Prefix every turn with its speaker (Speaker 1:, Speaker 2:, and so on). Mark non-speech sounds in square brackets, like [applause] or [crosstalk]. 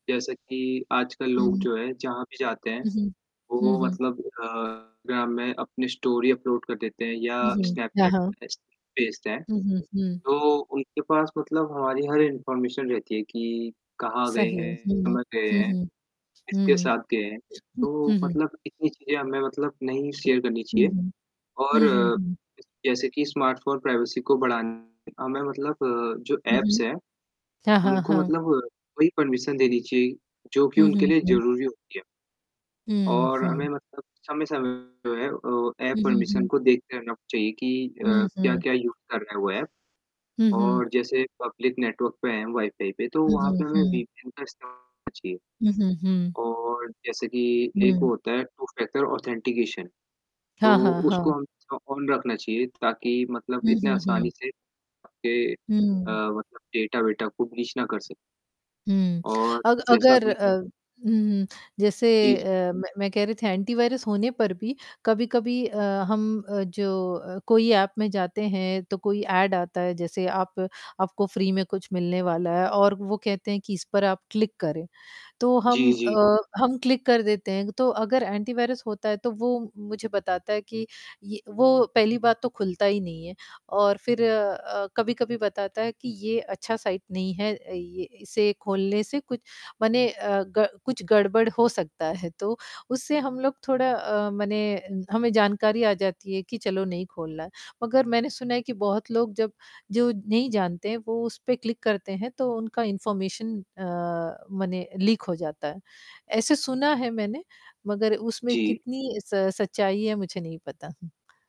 Speaker 1: जैसा कि आजकल
Speaker 2: हुँ,
Speaker 1: लोग
Speaker 2: हुँ।
Speaker 1: जो है, जहाँ भी जाते हैं,
Speaker 2: उहुँ। हुँ,
Speaker 1: वो
Speaker 2: हुँ।
Speaker 1: मतलब अ इंस्टाग्राम में अपनी स्टोरी अपलोड कर देते हैं, या
Speaker 2: उहुँ, हाँ,
Speaker 1: स्नैपचैट
Speaker 2: हाँ।
Speaker 1: पे स्नेप भेजते हैं,
Speaker 2: उहुँ, हुँ।
Speaker 1: तो उनके पास मतलब हमारी हर इन्फॉर्मेशन रहती है कि कहाँ गए
Speaker 2: सही है।
Speaker 1: हैं
Speaker 2: हुँ,
Speaker 1: कब गए
Speaker 2: हुँ,
Speaker 1: हैं,
Speaker 2: हुँ,
Speaker 1: किसके
Speaker 2: हुँ,
Speaker 1: साथ गए हैं।
Speaker 2: हुँ,
Speaker 1: तो
Speaker 2: हुँ।
Speaker 1: मतलब इतनी चीजें हमें मतलब, नहीं शेयर करनी
Speaker 2: हुँ,
Speaker 1: चाहिए
Speaker 2: हुँ।
Speaker 1: और
Speaker 2: हुँ, हुँ, हुँ।
Speaker 1: जैसे कि स्मार्टफोन प्राइवेसी को बढ़ान हमें मतलब अ, जो
Speaker 2: हुँ,
Speaker 1: ऐप्स
Speaker 2: हुँ।
Speaker 1: हैं,
Speaker 2: हाँ, हाँ,
Speaker 1: उनको
Speaker 2: हाँ।
Speaker 1: मतलब वही परमिशन देनी चाहिए जो कि
Speaker 2: हुँ,
Speaker 1: उनके
Speaker 2: हुँ,
Speaker 1: लिए
Speaker 2: हुँ।
Speaker 1: ज़रूरी होती है।
Speaker 2: हुँ,
Speaker 1: और हमें
Speaker 2: हुँ।
Speaker 1: मतलब समय, समय पे जो है ऐप
Speaker 2: हुँ, हुँ,
Speaker 1: परमिशन
Speaker 2: हुँ।
Speaker 1: को देखते रहना चाहिए कि अ,
Speaker 2: हुँ, हुँ।
Speaker 1: क्या-क्या यूज़ कर रहा है वो ऐप
Speaker 2: हुँ, हुँ।
Speaker 1: और जैसे पब्लिक नेटवर्क पे हैं वाई-फाई पे, तो
Speaker 2: हुँ,
Speaker 1: वहाँ पे
Speaker 2: हुँ,
Speaker 1: हमें
Speaker 2: हुँ।
Speaker 1: वीपीएन का इस्तेमाल करना चाहिए
Speaker 2: हुँ, हुँ, हुँ।
Speaker 1: और जैसे कि एक [unintelligible]
Speaker 2: हुँ।
Speaker 1: होता है टू फैक्टर ऑथेंटिकेशन तो
Speaker 2: हाँ, हाँ,
Speaker 1: उसको
Speaker 2: हाँ।
Speaker 1: हमें ऑन रखना चाहिए ताकि मतलब
Speaker 2: हुँ,
Speaker 1: इतने
Speaker 2: हुँ,
Speaker 1: आसानी
Speaker 2: हुँ।
Speaker 1: से आपके
Speaker 2: हुँ।
Speaker 1: मतलब डेटा -वेटा कोई ब्रीच ना कर सके।
Speaker 2: हुँ,
Speaker 1: और
Speaker 2: अग
Speaker 1: जैसा
Speaker 2: अगर
Speaker 1: आपने
Speaker 2: अ, हुँ, जैसे
Speaker 1: जी, जी।
Speaker 2: अ, मैं मैं कह रही थी एंटीवायरस होने पर भी कभी-कभी अ, हम जो अ, कोई ऐप में जाते हैं, तो कोई ऐड आता है, जैसे आप आपको फ्री में कुछ मिलने वाला है, और वो कहते हैं कि इस पर आप क्लिक करें। तो हम
Speaker 1: जी,
Speaker 2: अ,
Speaker 1: जी।
Speaker 2: हम क्लिक कर देते हैं। तो अगर एंटीवायरस होता है, तो वो मुझे बताता है कि ये वो पहली बात तो खुलता ही नहीं है और फिर कभी-कभी बताता है कि ये अच्छा साइट नहीं है। अ, ये इसे खोलने से कुछ माने अ, ग कुछ गड़बड़ हो सकता है। तो उससे हम लोग थोड़ा अ, मने हमें जानकारी आ जाती है कि चलो नहीं खोलना। मगर मैंने सुना है कि बहुत लोग जब जो नहीं जानते हैं वो उस पे क्लिक करते हैं, तो उनका इन्फॉर्मेशन अ, मने लीक हो जाता है। ऐसे सुना है मैंने मगर उसमें
Speaker 1: जी।
Speaker 2: कितनी स सच्चाई है, मुझे नहीं पता हूँ।